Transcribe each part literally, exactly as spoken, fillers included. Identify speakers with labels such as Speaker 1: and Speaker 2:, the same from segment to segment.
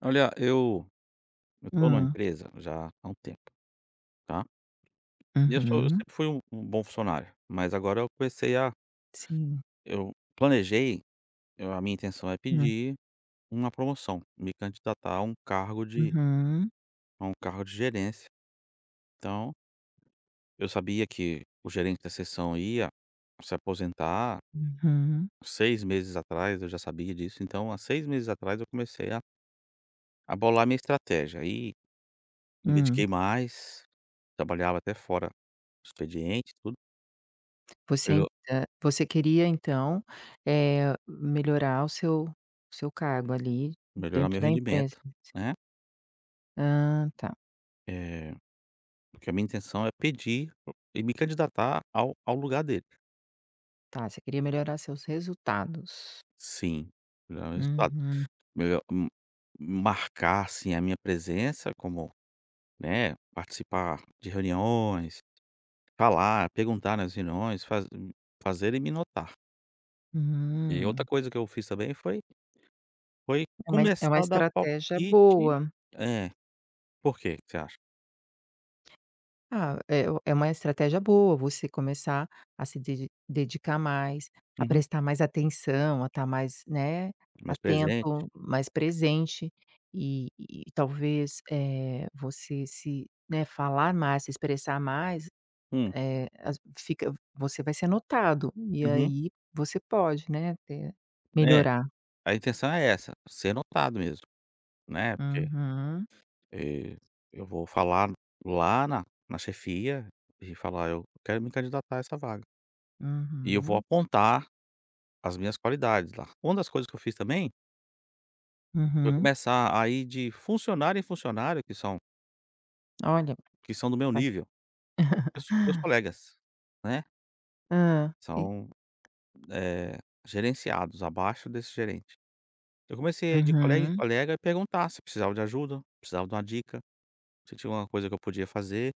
Speaker 1: Olha, eu eu tô numa
Speaker 2: Hum.
Speaker 1: empresa já há um tempo, tá. E eu sou eu
Speaker 2: Uhum.
Speaker 1: sempre fui um um bom funcionário, mas agora eu comecei a
Speaker 2: Sim.
Speaker 1: eu planejei, eu a minha intenção é
Speaker 2: Hum.
Speaker 1: pedir uma promoção, me candidatar a um cargo de
Speaker 2: Uhum.
Speaker 1: a um cargo de gerência, então eu sabia que o gerente da sessão ia se aposentar.
Speaker 2: Uhum.
Speaker 1: Seis meses atrás, eu já sabia disso, então, há seis meses atrás eu comecei a a bolar a minha estratégia. Aí me
Speaker 2: Hum.
Speaker 1: dediquei mais, trabalhava até fora do expediente e tudo.
Speaker 2: Você aí
Speaker 1: Pelo.
Speaker 2: da você queria então, eh, melhorar o seu o seu cargo ali
Speaker 1: Melhorar o
Speaker 2: dentro
Speaker 1: meu
Speaker 2: da imprensa,
Speaker 1: rendimento,
Speaker 2: né, s
Speaker 1: né.
Speaker 2: Hã, tá.
Speaker 1: Eh, porque a minha intenção é pedir e me candidatar ao ao lugar dele.
Speaker 2: Tá, você queria melhorar os seus resultados.
Speaker 1: Sim, melhorar o resultado,
Speaker 2: Uhum.
Speaker 1: melhor hum, marcar, assim, a minha presença como, né, participar de reuniões, falar, perguntar nas reuniões, faz hum, fazerem me notar. E outra
Speaker 2: Hum.
Speaker 1: coisa que eu fiz também foi foi
Speaker 2: É uma é
Speaker 1: começar
Speaker 2: uma
Speaker 1: a dar
Speaker 2: estratégia
Speaker 1: palpite
Speaker 2: boa.
Speaker 1: é, por que que você acha?
Speaker 2: Ah, é é uma estratégia boa você começar a se dedi dedicar mais, a
Speaker 1: Uhum.
Speaker 2: prestar mais atenção, a estar mais, né,
Speaker 1: Mais presente.
Speaker 2: atento, mais presente e e talvez, eh, você se né, falar mais, se expressar mais,
Speaker 1: Hum.
Speaker 2: eh, as fica você vai ser notado. E
Speaker 1: Uhum.
Speaker 2: aí você pode, né, te
Speaker 1: É,
Speaker 2: melhorar.
Speaker 1: a intenção é essa, ser notado mesmo, né, porque,
Speaker 2: Uhum.
Speaker 1: eh, eu vou falar lá na na chefia e falar eu quero me candidatar a essa vaga. E eu vou
Speaker 2: Uhum.
Speaker 1: apontar as minhas qualidades lá. Uma das coisas que eu fiz também foi
Speaker 2: Uhum.
Speaker 1: começar a ir de funcionário em funcionário, que são
Speaker 2: Olha,
Speaker 1: que são do meu
Speaker 2: ué.
Speaker 1: nível, são meus colegas, né.
Speaker 2: Hã, e
Speaker 1: São, eh, gerenciados abaixo desse gerente. Eu comecei a ir de colega em
Speaker 2: Uhum.
Speaker 1: colega e perguntar se precisava de ajuda, se precisava de uma dica, se tinha alguma coisa que eu podia fazer.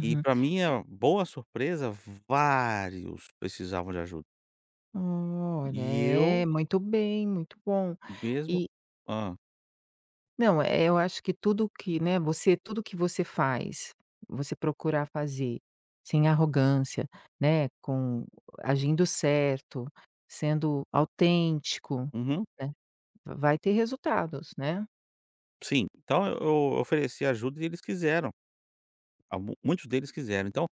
Speaker 1: E pra
Speaker 2: E
Speaker 1: minha boa surpresa, vários precisavam de ajuda.
Speaker 2: Hum. Olha,
Speaker 1: E
Speaker 2: é,
Speaker 1: eu
Speaker 2: muito bem, muito bom.
Speaker 1: mesmo,
Speaker 2: E
Speaker 1: hã?
Speaker 2: Não, eh, eu acho que tudo o que né, você tudo o que você faz, você procurar fazer sem arrogância, né, com eh, agindo certo, sendo autêntico,
Speaker 1: Uhum.
Speaker 2: né, va vai ter resultados, né?
Speaker 1: Sim, então, eu eu ofereci ajuda e eles quiseram. Ah, mu muitos deles quiseram. Então,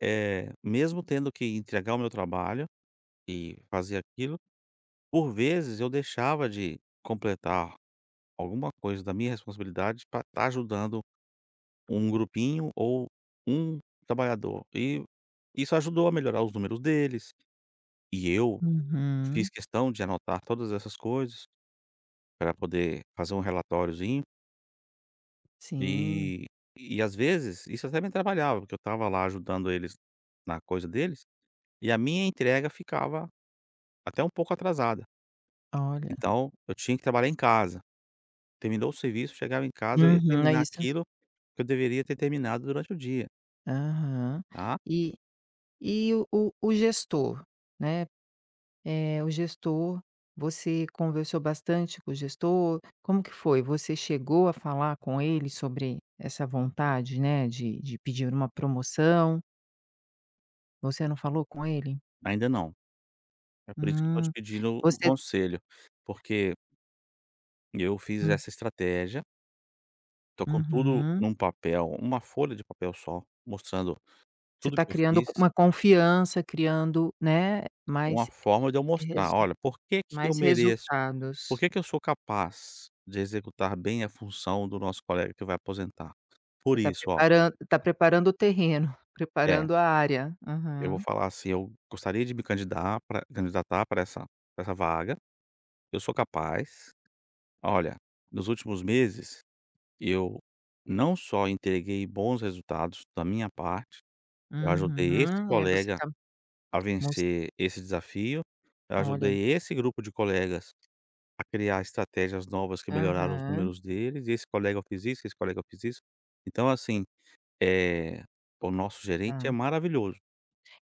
Speaker 1: eh, mesmo tendo que entregar o meu trabalho e fazer aquilo, por vezes, eu deixava de completar alguma coisa da minha responsabilidade pra estar ajudando um grupinho ou um trabalhador. E isso ajudou a melhorar os números deles e eu fiz
Speaker 2: Uhum.
Speaker 1: questão de anotar todas essas coisas, pra poder fazer um relatoriozinho.
Speaker 2: Sim.
Speaker 1: E e, às vezes, isso até me atrapalhava, porque eu estava lá ajudando eles na coisa deles e a minha entrega ficava até um pouco atrasada.
Speaker 2: Olha.
Speaker 1: Então, eu tinha que trabalhar em casa. Terminou o serviço, chegava em casa, eu ia
Speaker 2: Uhum. É
Speaker 1: terminar
Speaker 2: isso.
Speaker 1: aquilo que eu deveria ter terminado durante o dia.
Speaker 2: Aham
Speaker 1: Tá.
Speaker 2: e e, o o o gestor, né, eh, o gestor, você conversou bastante com o gestor? Como que foi? Você chegou a falar com ele sobre essa vontade, né, de de pedir uma promoção? Você não falou com ele?
Speaker 1: Ainda não. É por isso que eu tô te
Speaker 2: Hum,
Speaker 1: pedindo O o
Speaker 2: você
Speaker 1: conselho porque e eu fiz
Speaker 2: Hum.
Speaker 1: essa estratégia. Tô com tudo
Speaker 2: Uhum.
Speaker 1: num papel, uma folha de papel só mostrando
Speaker 2: Você
Speaker 1: tudo o
Speaker 2: tá
Speaker 1: que eu
Speaker 2: criando co
Speaker 1: fiz.
Speaker 2: uma confiança, criando, né,
Speaker 1: Uma
Speaker 2: mais
Speaker 1: forma de eu mostrar,
Speaker 2: resu
Speaker 1: olha, por que que eu
Speaker 2: mais
Speaker 1: mereço? Por
Speaker 2: resultados.
Speaker 1: que que eu sou capaz, de executar bem a função do nosso colega que vai aposentar? Por
Speaker 2: Você tá
Speaker 1: isso, ó.
Speaker 2: preparando tá preparando o terreno,
Speaker 1: É.
Speaker 2: preparando a área,
Speaker 1: Eu vou
Speaker 2: uhum.
Speaker 1: falar assim. Eu gostaria de me candidar pra candidatar para essa para essa vaga. Eu sou capaz, olha, nos últimos meses eu não só entreguei bons resultados da minha parte, eu ajudei esse
Speaker 2: Uhum, é você
Speaker 1: colega
Speaker 2: tá,
Speaker 1: a
Speaker 2: mos
Speaker 1: vencer esse desafio. Eu
Speaker 2: Olha!
Speaker 1: ajudei esse grupo de colegas a criar estratégias novas, que melhoraram os
Speaker 2: Aham.
Speaker 1: números deles. E esse colega eu fiz isso, com esse colega, eu fiz isso. Então, assim, eh, o nosso gerente, é
Speaker 2: Tá.
Speaker 1: maravilhoso.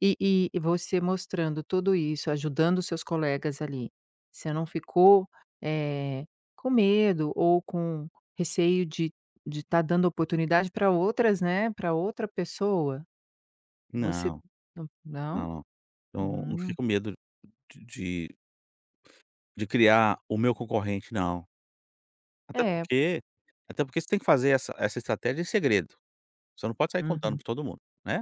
Speaker 2: E e e você mostrando tudo isso, ajudando os seus colegas ali, você não ficou, eh, com medo, ou com receio de de tá dando oportunidade para outras né, pra outra pessoa? Você
Speaker 1: Não,
Speaker 2: não Não?
Speaker 1: não, não, não fiquei
Speaker 2: Hum.
Speaker 1: com medo de de de criar o meu concorrente, não. Até
Speaker 2: É.
Speaker 1: porque até porque você tem que fazer essa essa estratégia em segredo. Você não pode sair contando
Speaker 2: Uhum.
Speaker 1: pra todo mundo, né.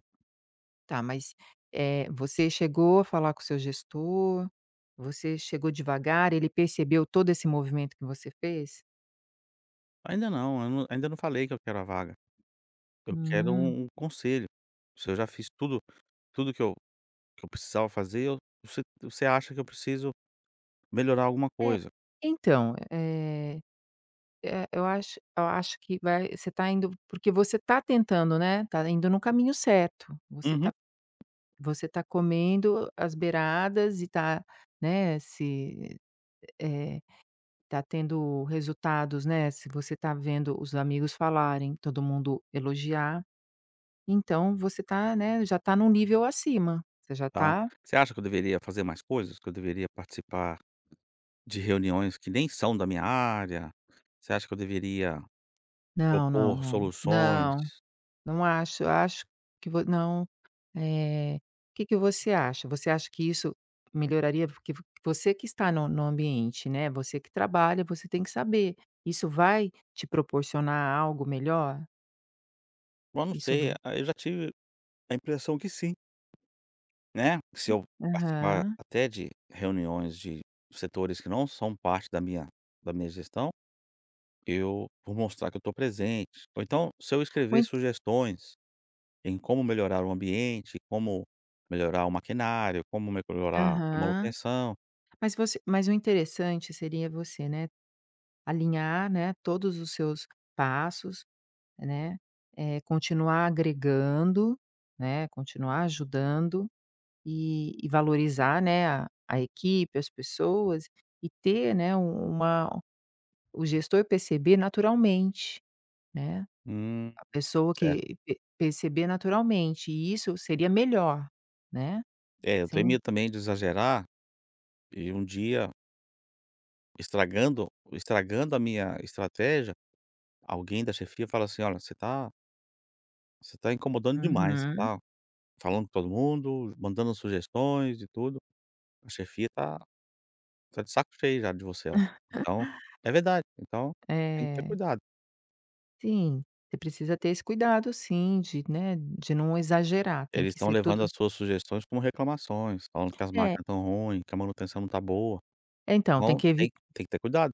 Speaker 2: Tá, mas, eh, você chegou a falar com o seu gestor? Você chegou devagar, ele percebeu todo esse movimento que você fez?
Speaker 1: Ainda não. Eu não ainda não falei que eu quero a vaga, eu quero
Speaker 2: Hum.
Speaker 1: um um conselho. Se eu já fiz tudo tudo que eu que eu precisava fazer. Eu você você acha que eu preciso melhorar alguma
Speaker 2: É,
Speaker 1: coisa.
Speaker 2: então eh eh, eu acho eu acho que vai você tá indo porque você tá tentando, né, tá indo no caminho certo. Você
Speaker 1: Uhum.
Speaker 2: tá você tá comendo as beiradas e tá, né, se eh, tá tendo resultados, né. Se você tá vendo os amigos falarem todo mundo elogiar, então, você tá, né, já tá num nível acima, você já
Speaker 1: Tá,
Speaker 2: tá
Speaker 1: você acha que eu deveria fazer mais coisas? Que eu deveria participar de reuniões que nem são da minha área? Você acha que eu deveria
Speaker 2: Não, não,
Speaker 1: propor
Speaker 2: não,
Speaker 1: soluções?
Speaker 2: não, não acho. Eu acho que vo não, eh, que que você acha? Você acha que isso melhoraria? Porque vo você que está no no ambiente, né, você que trabalha, você tem que saber. Isso vai te proporcionar algo melhor?
Speaker 1: Bom, não
Speaker 2: Isso
Speaker 1: sei,
Speaker 2: v
Speaker 1: a eu já tive a impressão que sim, né, se eu participar
Speaker 2: Aham.
Speaker 1: até de reuniões de setores que não são parte da minha da minha gestão, eu vou mostrar que eu estou presente. Ou, então, se eu
Speaker 2: Ou
Speaker 1: escrever
Speaker 2: ent
Speaker 1: sugestões em como melhorar o ambiente, como melhorar o maquinário, como meclorar a
Speaker 2: Aham.
Speaker 1: manutenção
Speaker 2: Mas você mas o interessante seria você, né, alinhar, né, todos os seus passos, né, eh, continuar agregando, né, continuar ajudando e e valorizar, né, a a equipe, as pessoas e ter, né, um uma o gestor perceber naturalmente, né.
Speaker 1: Hum.
Speaker 2: A pessoa
Speaker 1: Certo.
Speaker 2: que pe perceber naturalmente, e, isso, seria melhor, né,
Speaker 1: É, eu
Speaker 2: sem
Speaker 1: temia também de exagerar, e um dia estragando estragando a minha estratégia, alguém da chefia fala assim: "Olha, você tá" você tá incomodando demais,
Speaker 2: Uhum.
Speaker 1: tá falando com todo mundo, mandando sugestões e tudo, a chefia tá tá de saco cheio já de você lá. Então é verdade, então tem que ter
Speaker 2: É.
Speaker 1: cuidado.
Speaker 2: Sim, você precisa ter esse cuidado sim, de, né, de não exagerar, tem
Speaker 1: Eles
Speaker 2: que
Speaker 1: estão
Speaker 2: ser
Speaker 1: levando
Speaker 2: tudo
Speaker 1: as suas sugestões como reclamações, falando que as
Speaker 2: É.
Speaker 1: máquinas estão ruim, que a manutenção não tá boa,
Speaker 2: É, então, tem
Speaker 1: então,
Speaker 2: que
Speaker 1: tem,
Speaker 2: evit
Speaker 1: tem que ter cuidado.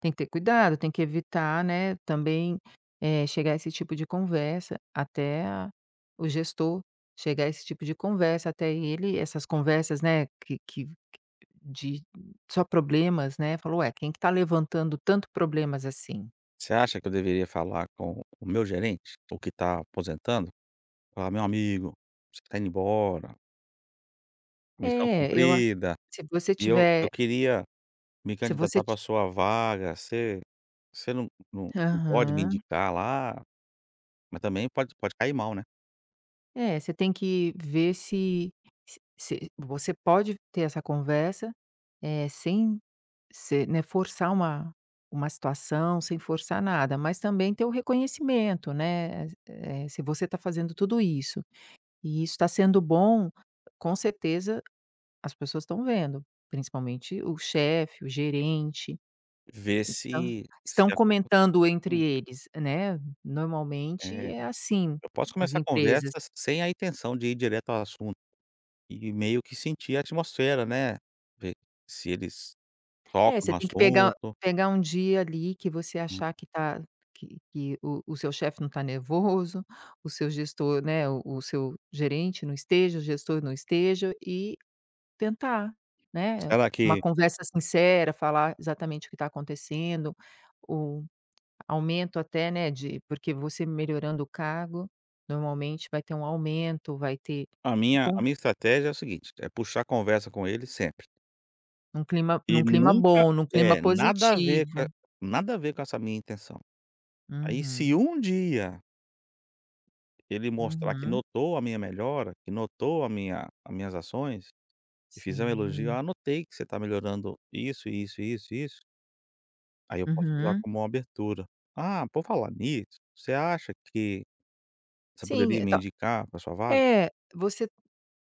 Speaker 2: Tem que ter cuidado, tem que evitar, né, também, eh, chegar esse tipo de conversa até a o gestor. Chegar esse tipo de conversa até ele essas conversas, né, que que que de só problemas, né, falou: "Ué, quem que tá levantando tanto problemas assim?".
Speaker 1: Você acha que eu deveria falar com o meu gerente, o que tá aposentando falar meu amigo, você que está indo embora missão
Speaker 2: É eu a
Speaker 1: cumprida
Speaker 2: se você
Speaker 1: e eu, eu
Speaker 2: tiver
Speaker 1: queria me
Speaker 2: Se você
Speaker 1: candidatar para
Speaker 2: ti
Speaker 1: a sua vaga, você você não, não não pode me
Speaker 2: Aham.
Speaker 1: indicar lá, mas também pode pode cair mal, né?
Speaker 2: É, você tem que ver se se se você pode ter essa conversa, eh, sem ser né, forçar uma uma situação, sem forçar nada. Mas também ter o reconhecimento, né, eh eh, se você tá fazendo tudo isso e isso tá sendo bom, com certeza as pessoas estão vendo, principalmente o chefe, o gerente,
Speaker 1: Ver
Speaker 2: estão
Speaker 1: se se
Speaker 2: estão
Speaker 1: alguma,
Speaker 2: comentando entre
Speaker 1: hum.
Speaker 2: eles, né, normalmente
Speaker 1: É,
Speaker 2: é assim
Speaker 1: eu posso
Speaker 2: as
Speaker 1: começar a conversa
Speaker 2: empresas.
Speaker 1: sem a intenção de ir direto ao assunto e meio que sentir a atmosfera, né, ver se eles
Speaker 2: É,
Speaker 1: tocam
Speaker 2: você
Speaker 1: no
Speaker 2: tem que pegar o
Speaker 1: assunto.
Speaker 2: pegar um dia ali que você
Speaker 1: Hum.
Speaker 2: achar que tá que que o o seu chefe não tá nervoso, o seu gestor, né, o o seu gerente não esteja o gestor não esteja e tentar, né,
Speaker 1: Será
Speaker 2: uma
Speaker 1: que
Speaker 2: conversa sincera, falar exatamente o que tá acontecendo, o aumento até, né, de porque você melhorando o cargo, normalmente vai ter um aumento, vai ter,
Speaker 1: A
Speaker 2: e
Speaker 1: minha
Speaker 2: con
Speaker 1: a minha estratégia é o seguinte, é puxar conversa com ele sempre.
Speaker 2: Num clima
Speaker 1: E
Speaker 2: num clima
Speaker 1: nunca
Speaker 2: bom, num clima
Speaker 1: é, nada a ver co
Speaker 2: positivo.
Speaker 1: nada a ver com essa minha intenção. Aí, se
Speaker 2: Uhum.
Speaker 1: um dia ele mostrar que
Speaker 2: Uhum.
Speaker 1: notou a minha melhora que notou a minha a minhas ações e fizer um elogio:
Speaker 2: Sim.
Speaker 1: "Ah, notei que você tá melhorando isso, e isso, e isso, e isso". Aí, eu posso usar
Speaker 2: Uhum.
Speaker 1: como uma abertura: "Ah, por falar nisso, você acha que você
Speaker 2: Sim,
Speaker 1: poderia me
Speaker 2: então,
Speaker 1: indicar pra a sua vaga?".
Speaker 2: eh, você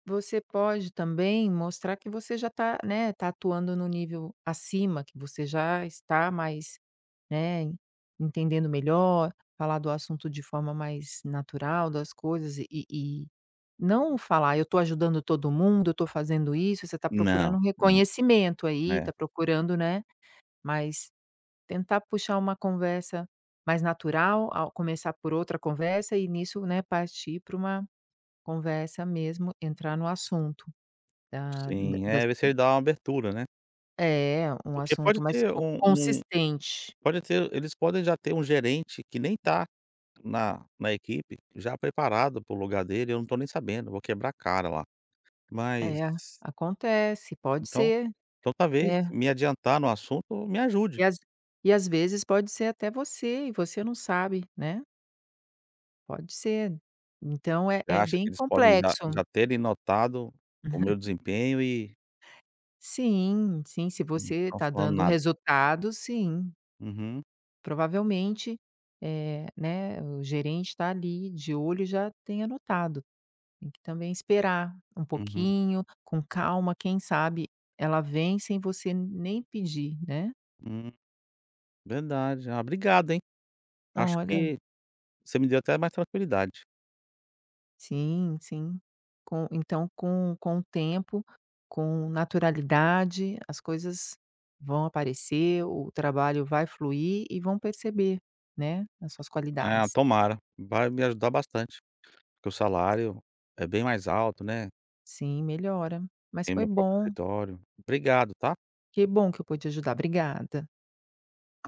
Speaker 2: você pode também mostrar que você já tá, né, tá atuando no nível acima que você já está mais, né, entendendo melhor, falar do assunto de forma mais natural das coisas e e e não falar: "Eu tô ajudando todo mundo, eu tô fazendo isso". Você tá
Speaker 1: Não,
Speaker 2: procurando um
Speaker 1: não,
Speaker 2: reconhecimento aí,
Speaker 1: né.
Speaker 2: tá procurando, né. Mas tentar puxar uma conversa mais natural, ao começar por outra conversa e nisso, né, partir pra uma conversa mesmo entrar no assunto da da
Speaker 1: Sim,
Speaker 2: das
Speaker 1: é ver se ele dá uma abertura, né?
Speaker 2: É um
Speaker 1: Porque pode
Speaker 2: assunto mais
Speaker 1: ter
Speaker 2: con
Speaker 1: um um
Speaker 2: consistente.
Speaker 1: pode ter eles podem já ter um gerente que nem tá na na equipe, já preparado para o lugar dele, eu não tô nem sabendo, vou quebrar a cara lá, mas
Speaker 2: É, acontece, pode
Speaker 1: então
Speaker 2: ser.
Speaker 1: então talvez
Speaker 2: É.
Speaker 1: me adiantar no assunto me ajude.
Speaker 2: E às e às vezes pode ser até você e você não sabe, né. Pode ser, então é
Speaker 1: Você
Speaker 2: é
Speaker 1: acha que
Speaker 2: bem
Speaker 1: eles podem já
Speaker 2: complexo.
Speaker 1: já terem notado o meu desempenho e
Speaker 2: Sim, sim. Se
Speaker 1: Não
Speaker 2: você
Speaker 1: estão
Speaker 2: tá
Speaker 1: falando
Speaker 2: dando
Speaker 1: nada.
Speaker 2: resultado, sim.
Speaker 1: Uhum.
Speaker 2: Provavelmente, eh, né, o gerente tá ali de olho e já tenha notado. Tem que também esperar um
Speaker 1: Uhum.
Speaker 2: pouquinho, com calma, quem sabe ela vem sem você nem pedir, né?
Speaker 1: Hum. Verdade. Ah, obrigado, hein. Acho
Speaker 2: Olha.
Speaker 1: que você me deu até mais tranquilidade.
Speaker 2: Sim, sim, com então com com o tempo, com naturalidade, as coisas vão aparecer, o trabalho vai fluir e vão perceber, né, as suas
Speaker 1: Ah,
Speaker 2: qualidades.
Speaker 1: tomara, vai me ajudar bastante, porque o salário é bem mais alto, né.
Speaker 2: Sim, melhora, mas
Speaker 1: Tem o
Speaker 2: foi
Speaker 1: meu próprio
Speaker 2: bom.
Speaker 1: escritório. Obrigado, tá.
Speaker 2: Que bom que eu pude ajudar. Obrigada.